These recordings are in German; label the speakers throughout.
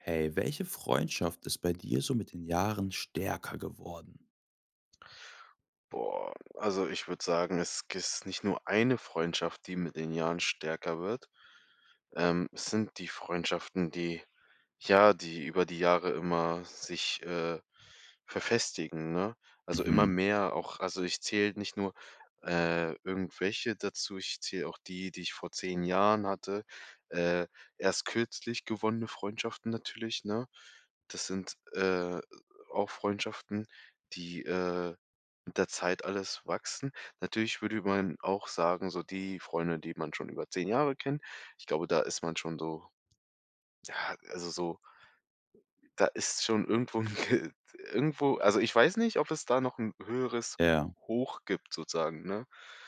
Speaker 1: Hey, welche Freundschaft ist bei dir so mit den Jahren stärker geworden?
Speaker 2: Boah, also, ich würde sagen, es g ist nicht nur eine Freundschaft, die mit den Jahren stärker wird. Ähm, es sind die Freundschaften, die ja, die über die Jahre immer sich, äh, verfestigen, ne? Also, immer
Speaker 1: Mhm.
Speaker 2: mehr auch also, ich zähle nicht nur, äh, irgendwelche dazu. Ich zähle auch die, die ich vor 10 Jahren hatte, äh, erst kürzlich gewonnene Freundschaften natürlich, ne? Das sind, äh, auch Freundschaften, die, äh, mit der Zeit alles wachsen. Natürlich würde man auch sagen, so die Freunde, die man schon über 10 Jahre kennt, ich glaube, da ist man schon so ja, also, so [unintelligible] da ist schon irgendwo 'n g t irgendwo also, ich weiß nicht, ob es da noch 'n höheres
Speaker 1: Ja.
Speaker 2: Hoch gibt sozusagen, ne?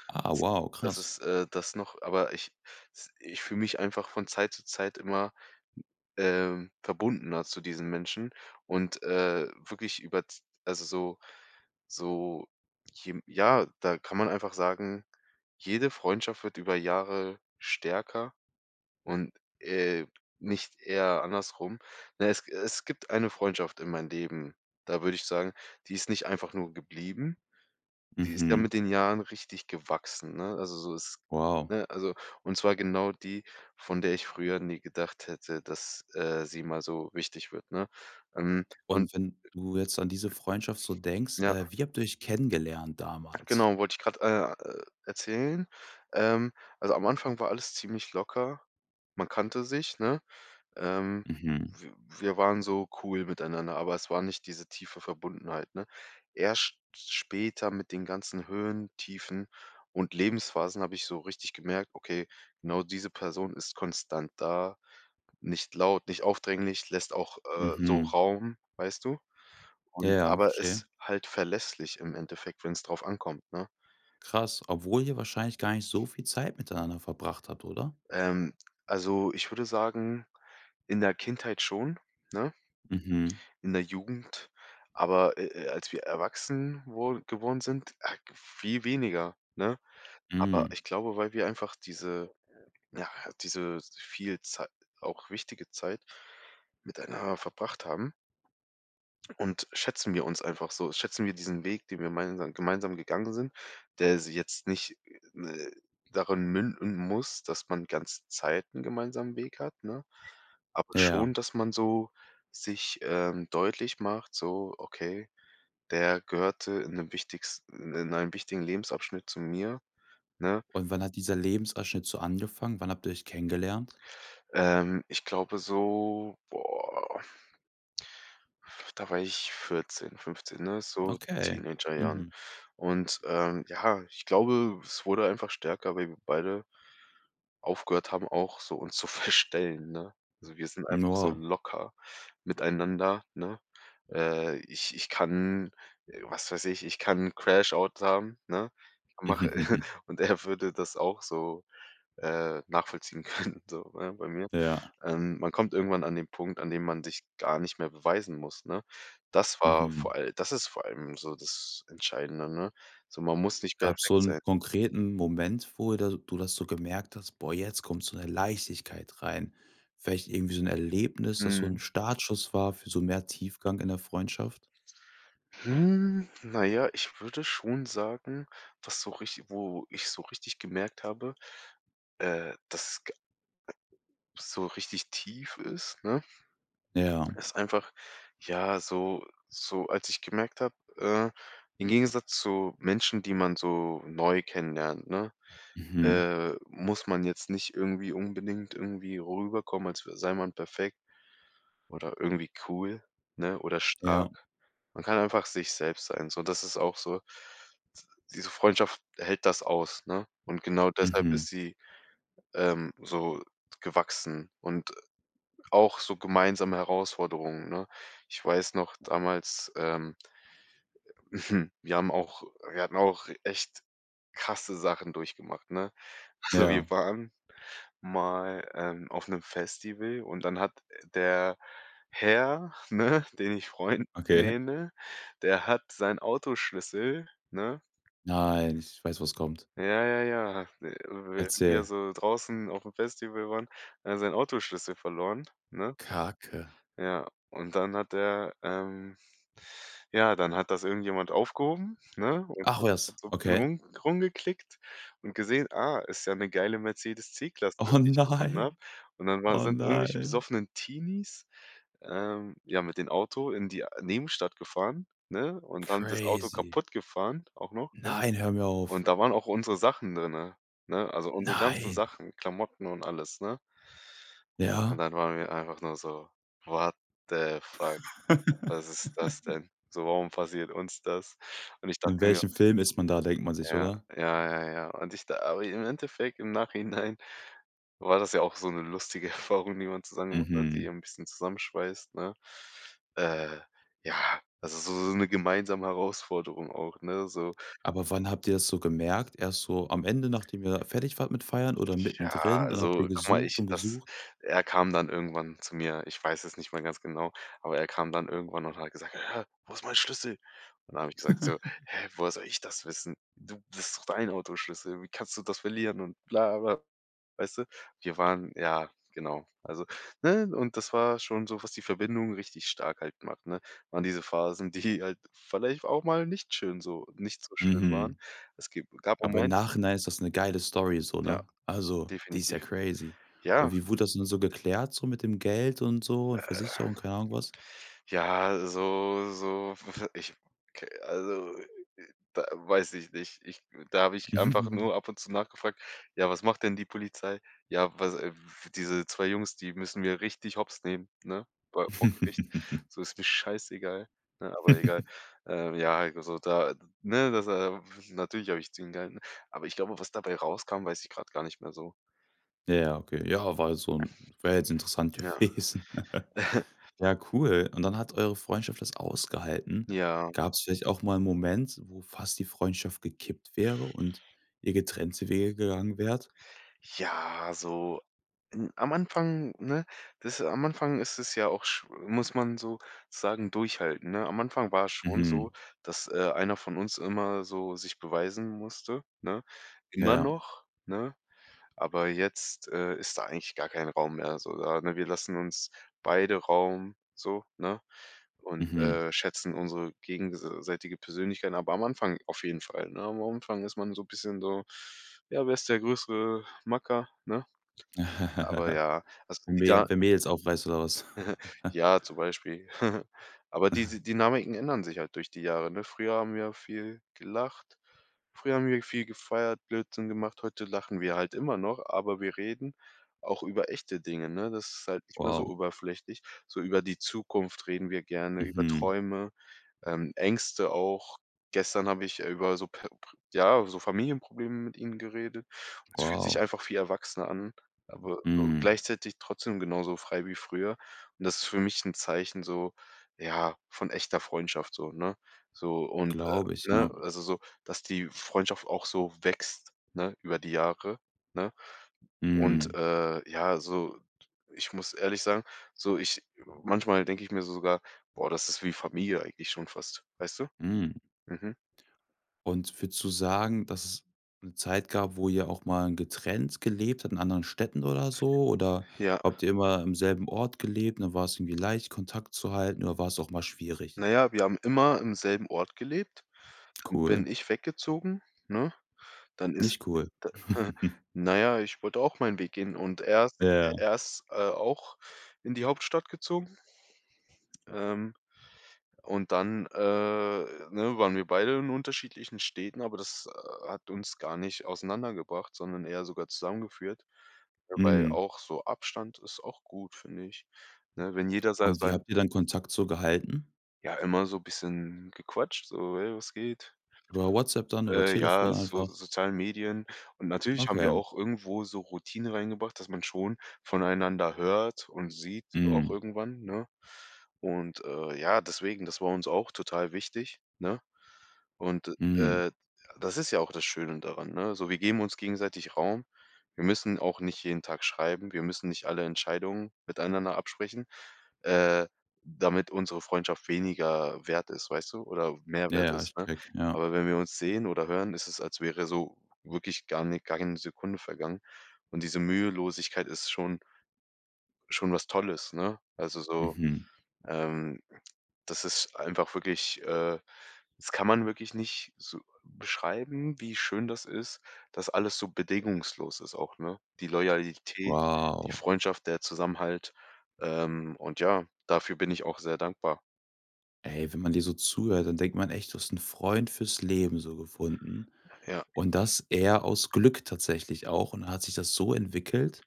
Speaker 1: Ah. Wow,
Speaker 2: Das
Speaker 1: krass.
Speaker 2: ist, äh das noch, aber ich s ich fühle mich einfach von Zeit zu Zeit immer, ähm, verbundener zu diesen Menschen und, äh, wirklich über z also, so so je ja, da kann man einfach sagen: „Jede Freundschaft wird über Jahre stärker und, äh, nicht eher andersrum.“ Na ja, es g es gibt eine Freundschaft in meinem Leben, da würde ich sagen, die ist nicht einfach nur geblieben, die ist ja
Speaker 1: Mhm.
Speaker 2: mit den Jahren richtig gewachsen, ne? Also, so ist
Speaker 1: Wow.
Speaker 2: ne? Also, und zwar genau die, von der ich früher nie gedacht hätte, dass, äh, sie mal so wichtig wird, ne? Ähm, und
Speaker 1: Und wenn du jetzt an diese Freundschaft so denkst,
Speaker 2: Ja.
Speaker 1: äh, wie habt ihr euch kennengelernt damals?
Speaker 2: Genau wollte ich gerade, äh, e erzählen. Ähm, also, am Anfang war alles ziemlich locker. Man kannte sich, ne? Ähm,
Speaker 1: Mhm.
Speaker 2: wi wir waren so cool miteinander, aber es war nicht diese tiefe Verbundenheit, ne? Erst s später mit den ganzen Höhen, Tiefen und Lebensphasen habe ich so richtig gemerkt: „Okay, genau diese Person ist konstant da, nicht laut, nicht aufdringlich, lässt auch, äh, so
Speaker 1: Mhm.
Speaker 2: Raum, weißt du? Und
Speaker 1: Ja,
Speaker 2: aber
Speaker 1: verstehe.
Speaker 2: ist halt verlässlich im Endeffekt, wenns drauf ankommt“, ne?
Speaker 1: Krass, obwohl ihr wahrscheinlich gar nicht so viel Zeit miteinander verbracht hat, oder?
Speaker 2: Ähm, also, ich würde sagen, in der Kindheit schon, ne?
Speaker 1: Mhm.
Speaker 2: In der Jugend, aber, äh äh, als wir erwachsen wo geworden sind, ak viel weniger, ne? Aber
Speaker 1: Mhm.
Speaker 2: ich glaube, weil wir einfach diese ja, diese viel Zei auch wichtige Zeit miteinander verbracht haben. Und schätzen wir uns einfach so schätzen wir diesen Weg, den wir meinsam gemeinsam gegangen sind, der s jetzt nicht, äh, darin münden muss, dass man ganze Zeit 'n gemeinsamen Weg hat, ne? Aber
Speaker 1: Ja.
Speaker 2: schon, dass man so sich, ähm, deutlich macht, so: „Okay, der gehörte in 'nem wichtigsten in einem wichtigen Lebensabschnitt zu mir“, ne?
Speaker 1: Und wann hat dieser Lebensabschnitt so angefangen? Wann habt ihr euch kennengelernt?
Speaker 2: Ähm, ich glaube so, boah da war ich 14, 15, ne, so
Speaker 1: Okay,
Speaker 2: Teenagerjahren.
Speaker 1: mhm.
Speaker 2: Und, ähm, ja, ich glaube, es wurde einfach stärker, weil wir beide aufgehört haben auch so uns zu verstellen, ne? Also, wir sind einfach so
Speaker 1: Oh.
Speaker 2: locker miteinander, ne? Äh, ich ich kann äh, was weiß ich, ich kann 'n Crash-Out haben, ne? Mache und er würde das auch so, äh, nachvollziehen können so, ne, bei mir.
Speaker 1: Ja.
Speaker 2: Ähm, man kommt irgendwann an den Punkt, an dem man sich gar nicht mehr beweisen muss, ne? Das war vor
Speaker 1: Mhm.
Speaker 2: all das ist vor allem so das Entscheidende, ne? So, man muss nicht
Speaker 1: Gab's so
Speaker 2: perfekt sein.
Speaker 1: 'n konkreten Moment, wo de du das so gemerkt: „Boah, jetzt kommt so 'ne Leichtigkeit rein.“ Vielleicht irgendwie so 'n Erlebnis, das so 'n
Speaker 2: Mhm.
Speaker 1: Startschuss war für so mehr Tiefgang in der Freundschaft?
Speaker 2: Hm, na ja, ich würde schon sagen, dass so rich wo ich so richtig gemerkt habe, äh, dass g äh, so richtig tief ist, ne,
Speaker 1: Ja.
Speaker 2: ist einfach ja, so so als ich gemerkt habe, äh: im Gegensatz zu Menschen, die man so neu kennenlernt, ne,
Speaker 1: Mhm.
Speaker 2: äh, muss man jetzt nicht irgendwie unbedingt irgendwie rüberkommen, als w sei man perfekt oder irgendwie cool, ne, oder
Speaker 1: Ja.
Speaker 2: stark. Man kann einfach sich selbst sein, so. Das ist auch so d diese Freundschaft hält das aus, ne, und genau deshalb
Speaker 1: Mhm.
Speaker 2: ist sie, ähm, so gewachsen und auch so gemeinsame Herausforderungen, ne? Ich weiß noch damals, ähm, äh, wir haben auch wir hatten auch echt krasse Sachen durchgemacht, ne? Also,
Speaker 1: Ja.
Speaker 2: wir waren mal, ähm, auf 'nem Festival und dann hat der Herr, ne, den ich Freund
Speaker 1: Okay.
Speaker 2: nenne, der hat seinen Autoschlüssel, ne
Speaker 1: Nein, ich weiß, was kommt.
Speaker 2: Ja, ja, ja, [unintelligible] wir
Speaker 1: Erzähl.
Speaker 2: so draußen auf'm Festival waren, er seinen Autoschlüssel verloren, ne?
Speaker 1: Kacke.
Speaker 2: Ja, und dann hat der, ähm ja, dann hat das irgendjemand aufgehoben, ne, und
Speaker 1: Ach was,
Speaker 2: hat so 'n bisschen
Speaker 1: okay.
Speaker 2: rum rumgeklickt und gesehen: „Ah, ist ja 'ne geile Mercedes C-Klasse,
Speaker 1: Oh
Speaker 2: die ich gefunden habe.“
Speaker 1: nein.
Speaker 2: Und dann waren
Speaker 1: Oh
Speaker 2: sind irgendwelche
Speaker 1: nein.
Speaker 2: besoffenen Teenies, ähm, ja, mit dem Auto in die Nebenstadt gefahren, ne, und dann das Auto
Speaker 1: Crazy.
Speaker 2: kaputtgefahren, auch noch, ja?
Speaker 1: Nein, hör mir auf.
Speaker 2: Und da waren auch unsere Sachen drinne, ne, also, unsere ganzen
Speaker 1: Nein.
Speaker 2: Sachen, Klamotten und alles, ne? Und
Speaker 1: Ja?
Speaker 2: dann waren wir einfach nur so: „What the fuck, was ist das denn so, warum passiert uns das?“ Und ich
Speaker 1: In
Speaker 2: dachte mir
Speaker 1: welchem Film ist man da, denkt man sich,
Speaker 2: Ja,
Speaker 1: oder?
Speaker 2: ja, ja, ja. Und ich da aber im Endeffekt im Nachhinein war das ja auch so 'ne lustige Erfahrung, die man zusammen gemacht hat, die
Speaker 1: Mhm.
Speaker 2: ja 'n bisschen zusammenschweißt, ne? Äh, ja, also, so so 'ne gemeinsame Herausforderung auch, ne, so.
Speaker 1: Aber wann habt ihr das so gemerkt? Erst so am Ende, nachdem ihr fertig wart mit Feiern oder
Speaker 2: Ja,
Speaker 1: mittendrin und habt ihr
Speaker 2: also, guck mal,
Speaker 1: gesucht
Speaker 2: ich
Speaker 1: und
Speaker 2: das
Speaker 1: gesucht.
Speaker 2: er kam dann irgendwann zu mir, ich weiß es nicht mal ganz genau, aber er kam dann irgendwann und hat gesagt: „Hä, wo ist mein Schlüssel?“ Und dann habe ich gesagt so: „Hä, woher soll ich das wissen? Du ist doch dein Autoschlüssel. Wie kannst du das verlieren“ und bla, bla, weißt du? Wir waren ja, genau. Also ne, und das war schon so, was die Verbindung richtig stark halt macht ne, waren diese Phasen, die halt vielleicht auch mal nicht schön so nicht so schön waren.
Speaker 1: Mhm.
Speaker 2: Es gib gab einen
Speaker 1: Aber im
Speaker 2: Moment.
Speaker 1: Nachhinein ist das 'ne geile Story so,
Speaker 2: Ja,
Speaker 1: ne? Also, die ist ja
Speaker 2: definitiv,
Speaker 1: crazy. Und
Speaker 2: ja.
Speaker 1: wie wurde das denn so geklärt so mit dem Geld und so und
Speaker 2: Äh.
Speaker 1: Versicherung, keine Ahnung, was?
Speaker 2: Ja, so so, w ich, k also, äh, äh, da weiß ich nicht. Ich da habe ich einfach nur ab und zu nachgefragt: „Ja, was macht denn die Polizei? Ja, was, w diese 2 Jungs, die müssen wir richtig Hopps nehmen, ne, bei vor Gericht. So ist mir scheißegal“, ne? Aber egal, ähm, ja, heik also, da ne, das natürlich habe ich zu ihm gehalten, aber ich glaube, was dabei rauskam, weiß ich grad gar nicht mehr so.
Speaker 1: Ja, okay. Ja, war halt so 'n wäre jetzt interessant
Speaker 2: Ja.
Speaker 1: gewesen. Ja cool und dann hat eure Freundschaft das ausgehalten.
Speaker 2: Ja.
Speaker 1: Gab's vielleicht auch mal 'n Moment, wo fast die Freundschaft gekippt wäre und ihr getrennte Wege gegangen wärt?
Speaker 2: Ja, so n am Anfang, ne, das am Anfang ist es ja auch sch muss man sozusagen durchhalten, ne? Am Anfang war es schon so,
Speaker 1: Mhm.
Speaker 2: dass, äh, einer von uns immer so sich beweisen musste, ne? Immer
Speaker 1: Ja.
Speaker 2: noch, ne, aber jetzt, äh, ist da eigentlich gar kein Raum mehr so da, ne? Wir lassen uns beide Raum so, ne? Und,
Speaker 1: Mhm.
Speaker 2: äh, schätzen unsere gegenseitige Persönlichkeiten, aber am Anfang auf jeden Fall, ne? Am Anfang ist man so 'n bisschen so: Ja, wer ist der größere Macker, ne? Aber ja, also, die da
Speaker 1: Mehr wer Mädels aufreißt, oder was?
Speaker 2: Ja, zum Beispiel, aber diese Dynamiken ändern sich halt durch die Jahre, ne? Früher haben wir ja viel gelacht. Früher haben wir viel gefeiert, Blödsinn gemacht, heute lachen wir halt immer noch, aber wir reden auch über echte Dinge, ne? Das ist halt nicht mehr so
Speaker 1: Wow.
Speaker 2: oberflächlich. So über die Zukunft reden wir gerne, über
Speaker 1: Mhm.
Speaker 2: Träume, ähm, Ängste auch. Gestern habe ich, äh, über so per pr ja, so Familienprobleme mit ihm geredet. Es fühlt sich
Speaker 1: Wow.
Speaker 2: einfach viel erwachsener an, aber so
Speaker 1: Mhm.
Speaker 2: gleichzeitig trotzdem genauso frei wie früher. Und das ist für mich 'n Zeichen so, ja, von echter Freundschaft so, ne? So und, äh
Speaker 1: Glaube ich,
Speaker 2: ne,
Speaker 1: ja.
Speaker 2: also, so, dass die Freundschaft auch so wächst, ne, über die Jahre, ne? Und,
Speaker 1: Mhm.
Speaker 2: äh, ja, so d ich muss ehrlich sagen, so ich manchmal denke ich mir so sogar: „Boah, das ist wie Familie eigentlich schon fast“, weißt du?
Speaker 1: Mhm.
Speaker 2: Mhm.
Speaker 1: Und würdest du sagen, dass es 'ne Zeit gab, wo ihr auch mal getrennt gelebt habt, in anderen Städten oder so oder
Speaker 2: Ja.
Speaker 1: habt ihr immer im selben Ort gelebt und dann war's irgendwie leicht Kontakt zu halten oder war's auch mal schwierig?
Speaker 2: Na ja, wir haben immer im selben Ort gelebt. Dann
Speaker 1: Cool.
Speaker 2: bin ich weggezogen, ne, dann ist
Speaker 1: Nicht cool.
Speaker 2: da na ja, ich wollte auch meinen Weg gehen und er ist, äh
Speaker 1: Ja.
Speaker 2: er ist auch in die Hauptstadt gezogen. Ähm, und dann, äh, ne, waren wir beide in unterschiedlichen Städten, aber das, äh, hat uns gar nicht auseinander gebracht, sondern eher sogar zusammengeführt. W weil
Speaker 1: Mhm.
Speaker 2: auch so Abstand ist auch gut, finde ich, ne, wenn jeder sa
Speaker 1: Und wie
Speaker 2: sein
Speaker 1: habt ihr dann Kontakt so gehalten?
Speaker 2: Ja, immer so bisschen gequatscht, so: „Hey, was geht?“
Speaker 1: Über Whatsapp dann oder Telefon
Speaker 2: Ja, so
Speaker 1: einfach?
Speaker 2: sozialen Medien. Und natürlich haben wir
Speaker 1: Okay.
Speaker 2: auch irgendwo so Routine reingebracht, dass man schon voneinander hört und sieht auch
Speaker 1: Mhm.
Speaker 2: irgendwann, ne? Und, äh, ja, deswegen, das war uns auch total wichtig, ne? Und,
Speaker 1: Mhm.
Speaker 2: äh, das ist ja auch das Schöne daran, ne? So, wir geben uns gegenseitig Raum. Wir müssen auch nicht jeden Tag schreiben. Wir müssen nicht alle Entscheidungen miteinander absprechen, äh, damit unsere Freundschaft weniger wert ist, weißt du, oder mehr wert
Speaker 1: Ja, ich
Speaker 2: ist, ne?
Speaker 1: checke, ja.
Speaker 2: Aber wenn wir uns sehen oder hören, ist es, als wäre so wirklich gar ni gar keine Sekunde vergangen. Und diese Mühelosigkeit ist schon schon was Tolles, ne? Also, so,
Speaker 1: Mhm.
Speaker 2: ähm, das ist einfach wirklich, äh das kann man wirklich nicht so beschreiben, wie schön das ist, dass alles so bedingungslos ist auch, ne? Die Loyalität, die
Speaker 1: Wow.
Speaker 2: Freundschaft, der Zusammenhalt, ähm, und ja, dafür bin ich auch sehr dankbar.
Speaker 1: Ey, wenn man dir so zuhört, dann denkt man echt, du hast 'n Freund fürs Leben so gefunden.
Speaker 2: Ja.
Speaker 1: Und das eher aus Glück tatsächlich auch und dann hat sich das so entwickelt.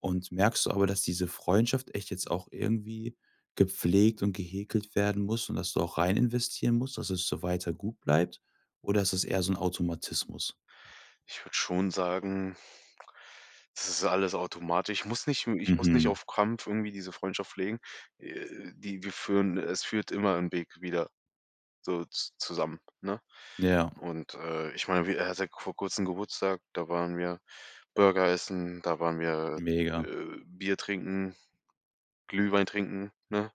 Speaker 1: Und merkst du aber, dass diese Freundschaft echt jetzt auch irgendwie gepflegt und gehäkelt werden muss und dass du auch rein investieren musst, dass es so weiter gut bleibt oder ist das eher so 'n Automatismus?
Speaker 2: Ich würde schon sagen das ist alles automatisch. Ich muss nicht m ich muss nicht
Speaker 1: Mhm.
Speaker 2: auf Krampf irgendwie diese Freundschaft pflegen, äh, die wir führen es führt immer 'n Weg wieder so z zusammen, ne?
Speaker 1: Ja.
Speaker 2: Und, äh, ich meine, wi er hatte vor kurzem Geburtstag, da waren wir Burger essen, da waren wir,
Speaker 1: Mega.
Speaker 2: äh, Bier trinken, Glühwein trinken, ne?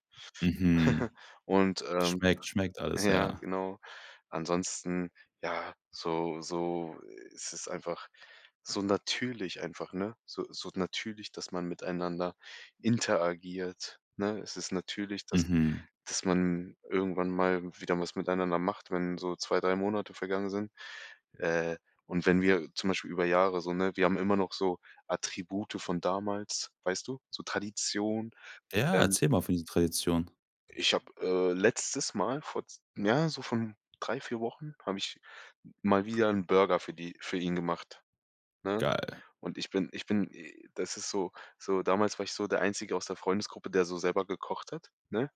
Speaker 1: Mhm.
Speaker 2: Und, ähm
Speaker 1: Schmeckt, schmeckt alles,
Speaker 2: ja,
Speaker 1: ja.
Speaker 2: genau. Ansonsten, ja, so so es ist einfach so natürlich einfach, ne, so so natürlich, dass man miteinander interagiert, ne? Es ist natürlich, dass
Speaker 1: Mhm.
Speaker 2: dass man irgendwann mal wieder was miteinander macht, wenn so 2, 3 Monate vergangen sind. Äh, und wenn wir zum Beispiel über Jahre so ne, wir haben immer noch so Attribute von damals, weißt du, so Tradition.
Speaker 1: Ja,
Speaker 2: Ähm
Speaker 1: erzähl mal für die Traditionen.
Speaker 2: Ich habe, äh, letztes Mal vor z ja, so von 3, 4 Wochen, habe ich mal wieder 'n Burger für die für ihn gemacht, ne?
Speaker 1: Geil.
Speaker 2: Und ich bin ich bin i das ist so so damals war ich so der einzige aus der Freundesgruppe, der so selber gekocht hat, ne?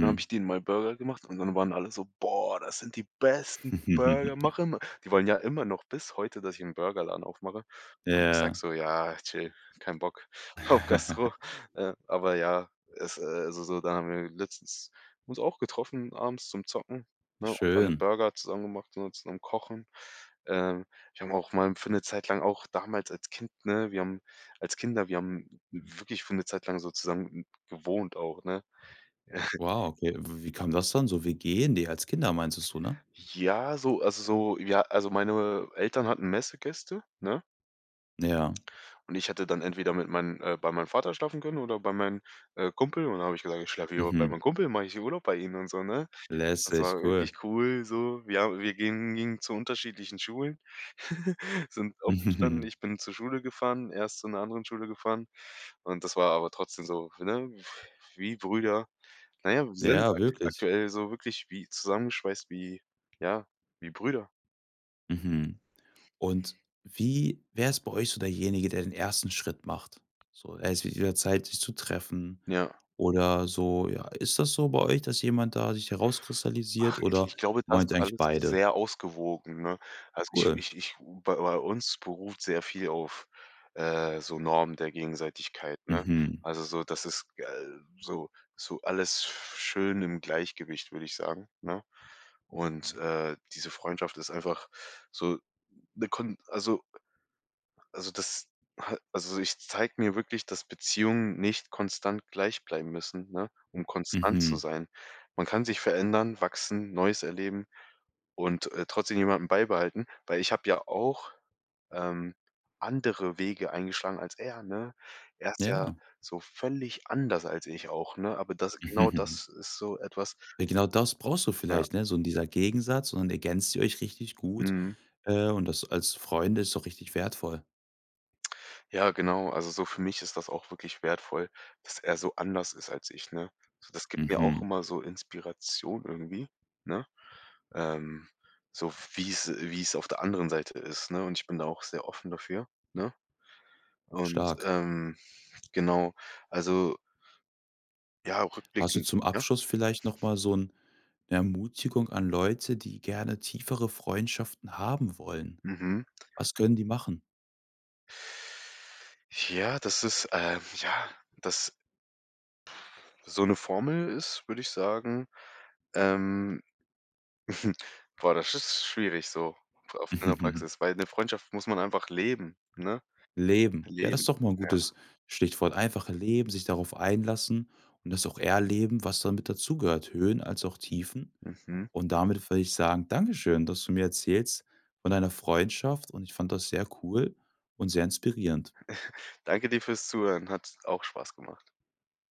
Speaker 2: Dann habe ich denen mal Burger gemacht und dann waren alle so: „Boah, das sind die besten Burger, mach immer.“ Die wollen ja immer noch bis heute, dass ich 'n Burgerladen aufmache und ich sage
Speaker 1: Ja.
Speaker 2: so: „Ja, chill, kein Bock, auf Gastro“, ähm, aber ja, es äh, also, so, da haben wir letztens uns auch getroffen abends zum Zocken, ne, und dann
Speaker 1: Schön.
Speaker 2: Burger zusammen gemacht und zusammen Kochen. Ähm, wir haben auch mal 'n für 'ne Zeit lang auch damals als Kind ne, wir haben als Kinder, wir haben wirklich für 'ne Zeit lang so zusammen gewohnt auch, ne?
Speaker 1: Wow, okay, w wie kam das, dann so WG? Ne als Kinder, meintest du, ne?
Speaker 2: Ja, so also, so w ja, also, meine Eltern hatten Messegäste, ne?
Speaker 1: Ja.
Speaker 2: Und ich hatte dann entweder mit meinen äh, bei meinem Vater schlafen können oder bei meinem, äh, Kumpel und dann habe ich gesagt, ich schlafe hier bei
Speaker 1: Mhm.
Speaker 2: mein Kumpel mache ich Urlaub bei ihm und so, ne? Das
Speaker 1: Lässig,
Speaker 2: war wirklich
Speaker 1: cool.
Speaker 2: cool so. Wir habe wir ha wir gingen gingen zu unterschiedlichen Schulen, sind aufgestanden, ich bin zur Schule gefahren, er ist zu 'ner anderen Schule gefahren und das war aber trotzdem so, ne, wie Brüder. Na ja, wir sind
Speaker 1: Ja, wirklich.
Speaker 2: aktuell so wirklich wie zusammenschweißt wie ja, wie Brüder.
Speaker 1: Mhm. Und wie wer ist bei euch so derjenige, der den 1. Schritt macht? So, es wird wieder Zeit sich zu treffen,
Speaker 2: Ja.
Speaker 1: oder so, ja. Ist das so bei euch, dass jemand da sich herauskristallisiert
Speaker 2: Ach, ich
Speaker 1: oder
Speaker 2: ich glaube, das
Speaker 1: meint ihr
Speaker 2: ist
Speaker 1: eigentlich
Speaker 2: alles
Speaker 1: beide?
Speaker 2: sehr ausgewogen, ne? Also, ich
Speaker 1: Cool.
Speaker 2: ich ich bei bei uns beruht sehr viel auf, äh, so Normen der Gegenseitigkeit, ne?
Speaker 1: Mhm.
Speaker 2: Also, so, das ist so so alles sch schön im Gleichgewicht, würde ich sagen, ne? Und, äh, diese Freundschaft ist einfach so 'ne kon also Also, das ha also, ich zeigt mir wirklich, dass Beziehungen nicht konstant gleich bleiben müssen, ne, um konstant zu
Speaker 1: Mhm.
Speaker 2: sein. Man kann sich verändern, wachsen, Neues erleben und, äh, trotzdem jemanden beibehalten, weil ich habe ja auch, ähm, andere Wege eingeschlagen als er, ne? Er ist ja
Speaker 1: Ja.
Speaker 2: so völlig anders als ich auch, ne, aber das genau das ist so etwas
Speaker 1: Ja, genau das brauchst du
Speaker 2: Ja.
Speaker 1: vielleicht, ne? So in dieser Gegensatz, und dann ergänzt die euch richtig gut,
Speaker 2: Mhm.
Speaker 1: äh, und das als Freunde ist doch richtig wertvoll.
Speaker 2: Ja, genau, also, so für mich ist das auch wirklich wertvoll, dass er so anders ist als ich, ne? So, das gibt mir auch
Speaker 1: Mhm.
Speaker 2: immer so Inspiration irgendwie, ne? Ähm, so wie's wie's auf der anderen Seite ist, ne? Und ich bin da auch sehr offen dafür, ne? Und,
Speaker 1: Stark.
Speaker 2: ähm, genau, also ja
Speaker 1: Hast du
Speaker 2: rückblickend
Speaker 1: zum
Speaker 2: ja?
Speaker 1: Abschluss vielleicht noch mal so 'n Ermutigung an Leute, die gerne tiefere Freundschaften haben wollen?
Speaker 2: Mhm.
Speaker 1: Was können die machen?
Speaker 2: Ja, das ist äh, ja, das So 'ne Formel ist, würde ich sagen ähm, boah, das ist schwierig so auf in der Praxis, weil 'ne Freundschaft muss man einfach leben, ne?
Speaker 1: Leben. Ja, das ist
Speaker 2: Leben,
Speaker 1: doch mal 'n gutes
Speaker 2: ja.
Speaker 1: Stichwort, einfach Leben, sich darauf einlassen und das auch erleben, was damit dazugehört, Höhen als auch Tiefen.
Speaker 2: Mhm.
Speaker 1: Und damit würde ich sagen, dankeschön, dass du mir erzählst von deiner Freundschaft und ich fand das sehr cool und sehr inspirierend.
Speaker 2: Danke dir fürs Zuhören, hat auch Spaß gemacht.